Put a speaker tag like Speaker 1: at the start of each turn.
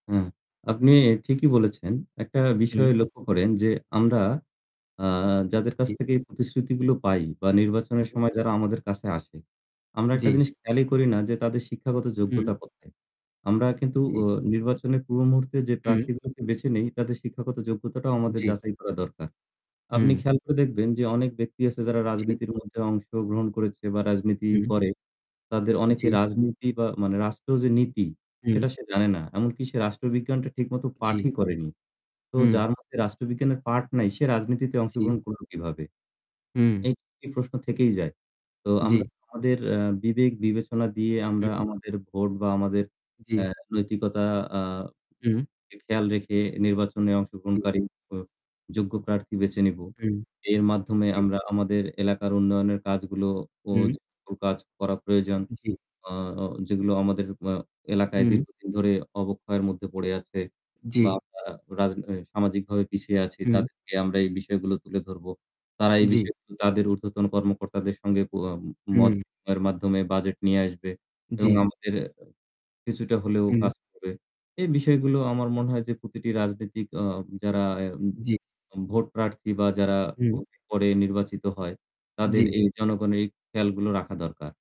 Speaker 1: হ্যাঁ, আপনি ঠিকই বলেছেন। একটা বিষয়
Speaker 2: হুম।
Speaker 1: লক্ষ্য করেন যে আমরা আ যাদের কাছ
Speaker 2: জ্বী।
Speaker 1: থেকে প্রতিশ্রুতিগুলো পাই বা নির্বাচনের
Speaker 2: হুম।
Speaker 1: সময় যারা আমাদের কাছে আসে, আমরা একটা
Speaker 2: জ্বি।
Speaker 1: জিনিস খেয়ালই করি না যে তাদের শিক্ষাগত
Speaker 2: হুম।
Speaker 1: যোগ্যতা কোথায়। আমরা কিন্তু
Speaker 2: হুম।
Speaker 1: অ নির্বাচনের পূর্ব মুহূর্তে যে
Speaker 2: হুম।
Speaker 1: প্রার্থীগুলোকে বেছে নেই তাদের শিক্ষাগত যোগ্যতাটাও আমাদের
Speaker 2: জ্বী।
Speaker 1: যাচাই করা দরকার। আপনি
Speaker 2: হুম।
Speaker 1: খেয়াল করে দেখবেন যে অনেক ব্যক্তি আছে যারা
Speaker 2: জ্বি।
Speaker 1: রাজনীতির মধ্যে অংশগ্রহণ করেছে বা রাজনীতি
Speaker 2: হুম।
Speaker 1: করে। তাদের অনেকে
Speaker 2: জ্বী।
Speaker 1: রাজনীতি বা মানে রাষ্ট্র যে নীতি সেটা
Speaker 2: হুম।
Speaker 1: সে জানে না। এমনকি সে রাষ্ট্রবিজ্ঞানটা ঠিকমতো
Speaker 2: জ্বি।
Speaker 1: পাঠই করেনি। তো
Speaker 2: হুম।
Speaker 1: যার মধ্যে রাষ্ট্রবিজ্ঞানের পাঠ নাই সে রাজনীতিতে
Speaker 2: জ্বি।
Speaker 1: অংশগ্রহণ করল কিভাবে?
Speaker 2: হুম।
Speaker 1: এই এই প্রশ্ন থেকেই যায়। তো
Speaker 2: জ্বি।
Speaker 1: আমরা আমাদের এ বিবেক বিবেচনা দিয়ে আমরা
Speaker 2: হুম।
Speaker 1: আমাদের ভোট বা আমাদের
Speaker 2: জ্বী।
Speaker 1: এ নৈতিকতা আ
Speaker 2: হুম।
Speaker 1: খেয়াল রেখে নির্বাচনে
Speaker 2: জ্বী।
Speaker 1: অংশগ্রহণকারী ও যোগ্য প্রার্থী বেছে নিবো।
Speaker 2: হুম।
Speaker 1: এর মাধ্যমে
Speaker 2: জ্বী।
Speaker 1: আমরা আমাদের এলাকার উন্নয়নের কাজগুলোও ও
Speaker 2: হুম।
Speaker 1: কাজ করা প্রয়োজন।
Speaker 2: জ্বী।
Speaker 1: আ অ যেগুলো আমাদের আ এলাকায়
Speaker 2: হুম।
Speaker 1: দীর্ঘদিন ধরে অবক্ষয়ের মধ্যে পড়ে আছে
Speaker 2: জ্বি।
Speaker 1: বা আমরা রাজ সামাজিকভাবে পিছিয়ে আছি
Speaker 2: হুম।
Speaker 1: তাদেরকে আমরা এই বিষয়গুলো তুলে ধরব। তারা এই
Speaker 2: জ্বি।
Speaker 1: বিষয়গুলো তাদের উর্ধ্বতন কর্মকর্তাদের সঙ্গে কো অ মত
Speaker 2: হুম।
Speaker 1: বিনিময়ের মাধ্যমে বাজেট নিয়ে আসবে। এবং
Speaker 2: জ্বি।
Speaker 1: আমাদের কিছুটা হলেও
Speaker 2: হুম।
Speaker 1: কাজ করে। এই বিষয়গুলো আমার মনে হয় যে প্রতিটি রাজনৈতিক আ যারা এ
Speaker 2: জ্বি।
Speaker 1: ভোট প্রার্থী বা যারা
Speaker 2: হুম।
Speaker 1: ভোটের পরে নির্বাচিত হয় তাদের
Speaker 2: জ্বি।
Speaker 1: এই জনগণের এই খেয়ালগুলো রাখা দরকার।